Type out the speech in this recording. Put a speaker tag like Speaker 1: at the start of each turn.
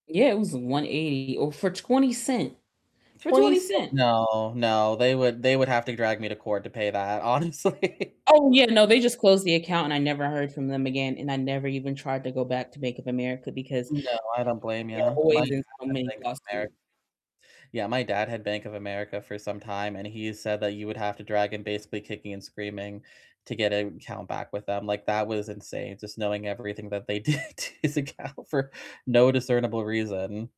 Speaker 1: Yeah, it was 180 owed for 20 cent, for
Speaker 2: 20
Speaker 1: 20
Speaker 2: c
Speaker 1: cent.
Speaker 2: No, no, they would they would have to drag me to court to pay that, honestly.
Speaker 1: Oh yeah, no, they just closed the account and I never heard from them again, and I never even tried to go back to Bank of America because, uh,
Speaker 2: No, I don't blame
Speaker 1: they are
Speaker 2: you. My
Speaker 1: always
Speaker 2: dad
Speaker 1: in so
Speaker 2: had
Speaker 1: many
Speaker 2: Bank of America.
Speaker 1: lawsuits.
Speaker 2: Yeah, my dad had Bank of America for some time, and he said that you would have to drag him basically kicking and screaming to get an account back with them. Like, that was insane, just knowing everything that they did to his account for no discernible reason.